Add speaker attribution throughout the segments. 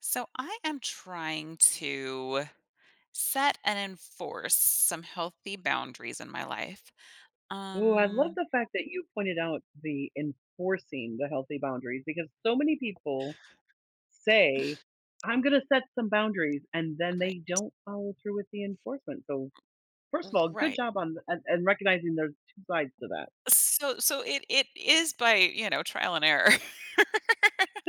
Speaker 1: So, I am trying to set and enforce some healthy boundaries in my life.
Speaker 2: Ooh, I love
Speaker 1: Um
Speaker 2: the fact that you pointed out the enforcing the healthy boundaries because so many people say, "I'm gonna set some boundaries," and then they
Speaker 1: Right.
Speaker 2: don't follow through with the enforcement. So, first
Speaker 1: M
Speaker 2: of all, good
Speaker 1: Right.
Speaker 2: job on the and recognizing there's 2 sides to that.
Speaker 1: So so, it it is by, you know, trial and error.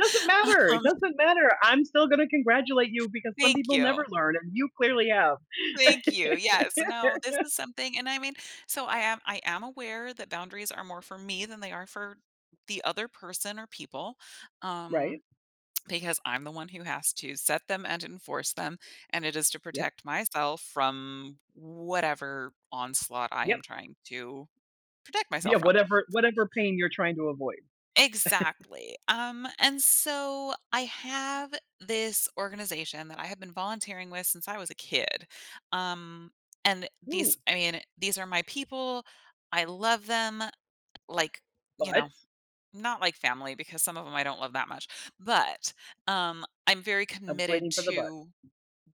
Speaker 2: Doesn't matter, it
Speaker 1: Um
Speaker 2: doesn't matter. I'm still gonna congratulate you because some
Speaker 1: Thank
Speaker 2: people never
Speaker 1: you.
Speaker 2: learn and you clearly have.
Speaker 1: Thank you, yes. No, this is something and I mean so I am I am aware that boundaries are more for me than they are for the other person, or people,
Speaker 2: Right.
Speaker 1: um, because I'm the one who has to set them and enforce them, and it is to
Speaker 2: Yep.
Speaker 1: protect myself from whatever onslaught I
Speaker 2: Yep.
Speaker 1: am trying to protect
Speaker 2: Yeah,
Speaker 1: myself from.
Speaker 2: whatever whatever pain you're trying to avoid.
Speaker 1: Exactly. Um, and so I have this organization that I have been volunteering with since I was a kid, um, and these
Speaker 2: Ooh.
Speaker 1: I mean, these are my people, I love them, like, you
Speaker 2: But
Speaker 1: know, not like family because some of 'em I don't love that much. But, um, I'm very
Speaker 2: I was
Speaker 1: committed
Speaker 2: waiting for the "but."
Speaker 1: to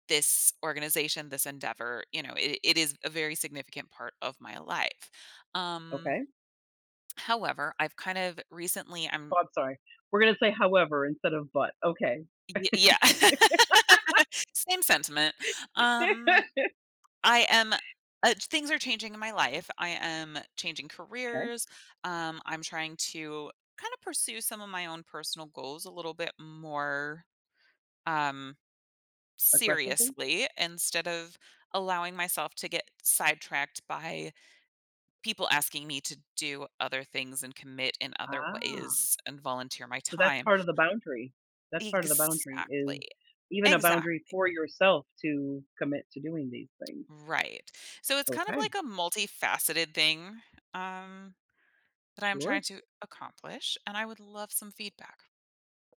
Speaker 1: this organization, this endeavor, you know. It it is a very significant part of my life. Um,
Speaker 2: Okay.
Speaker 1: however, I've, kind of, recently
Speaker 2: Oh,
Speaker 1: I'm
Speaker 2: I'm sorry, we're gonna say, "however," instead of, "but." Okay.
Speaker 1: Y yeah. Same sentiment. Um, I am, uh things are changing in my life. I am changing
Speaker 2: Okay.
Speaker 1: careers, um, I'm trying to kinda pursue some of my own personal goals a little bit more, um,
Speaker 2: Aggressively?
Speaker 1: seriously instead of allowing myself to get sidetracked by people asking me to do other things, and commit in other
Speaker 2: Ah.
Speaker 1: ways, and volunteer my
Speaker 2: So, that's
Speaker 1: time.
Speaker 2: part of the boundary. That's part of the boundary, is
Speaker 1: Exactly.
Speaker 2: even a boundary
Speaker 1: Exactly.
Speaker 2: for yourself to commit to doing these things.
Speaker 1: Right. So, it's kind of
Speaker 2: Okay.
Speaker 1: like a multifaceted thing, um, that I'm
Speaker 2: Sure.
Speaker 1: trying to accomplish, and I would love some feedback.